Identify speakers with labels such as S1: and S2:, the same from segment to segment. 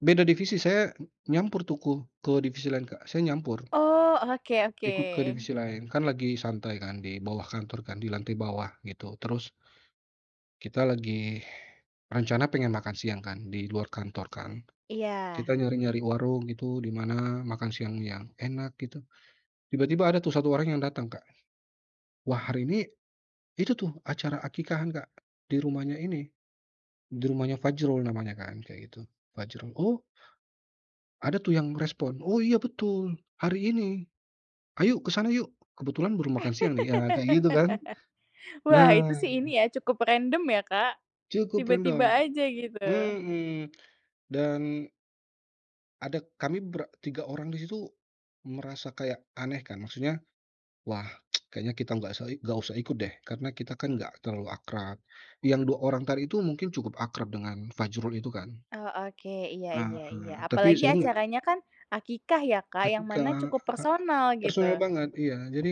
S1: Beda divisi saya nyampur, tuh, kuh ke divisi lain Kak, saya nyampur.
S2: Oh, oke
S1: Ikut ke
S2: oke.
S1: divisi lain, kan, lagi santai, kan, di bawah kantor, kan, di lantai bawah gitu terus kita lagi rencana pengen makan siang, kan, di luar kantor, kan.
S2: Iya.
S1: Kita nyari-nyari warung gitu di mana makan siang yang enak gitu, tiba-tiba ada tuh 1 orang yang datang Kak. Wah hari ini itu, tuh, acara aqiqahan Kak, di rumahnya ini, di rumahnya Fajrul namanya, kan, kayak gitu, Fajrul, oh ada, tuh, yang respon, "Oh iya betul, hari ini, yuk ke sana yuk, kebetulan baru makan siang, nih." Ya, kayak gitu, kan.
S2: Wah, itu,
S1: Nah.
S2: sih, ini, ya, cukup random, ya, Kak.
S1: Cukup
S2: Tiba-tiba
S1: rendah.
S2: aja gitu.
S1: Hmm. Dan Ada kami ber 3 orang di situ merasa kayak aneh, kan, maksudnya, wah kayaknya kita nggak usa nggak usah ikut, deh, karena kita, kan, nggak terlalu akrab. Yang 2 orang tadi itu mungkin cukup akrab dengan Fajrul itu, kan.
S2: Oh, oke, iya iya iya.
S1: Heeh, tapi
S2: Apalagi
S1: saya nggak
S2: acaranya, kan, aqiqah, ya, Kak, yang mana
S1: Ketika
S2: cukup
S1: a
S2: personal
S1: personal
S2: gitu.
S1: banget, iya. Jadi,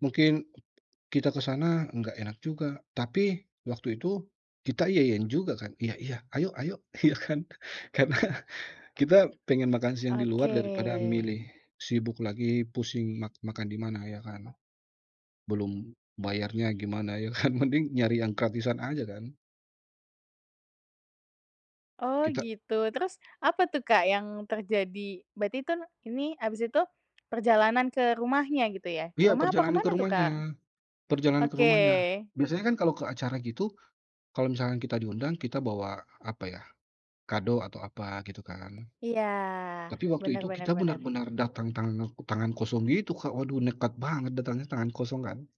S1: mungkin kita ke sana nggak enak juga. Tapi waktu itu kita iya-iyain juga, kan, iya-iya, ayo-ayo, ya, kan. Karena kita pengen makan siang di luar
S2: Oke.
S1: daripada milih sibuk lagi pusing mak makan di mana, ya, kan. Belum bayarnya gimana, ya, kan, mending nyari yang gratisan aja, kan.
S2: Oh,
S1: Kita
S2: gitu. Terus apa, tuh, Kak yang terjadi? Berarti, kan, ini habis itu perjalanan ke rumahnya gitu ya? Ke
S1: Iya
S2: rumah apa
S1: perjalanan ke
S2: kemana, tuh, Kak?
S1: rumahnya. Perjalanan ke
S2: Oke.
S1: rumahnya. Biasanya, kan, kalo ke acara gitu kalo misalkan kita diundang kita bawa apa, ya, kado atau apa gitu, kan.
S2: Iya,
S1: Tapi waktu
S2: bener
S1: itu
S2: bener
S1: kita
S2: bener.
S1: benar-benar datang tanak tangan kosong gitu Kak, waduh nekat banget datangnya tangan kosong, kan.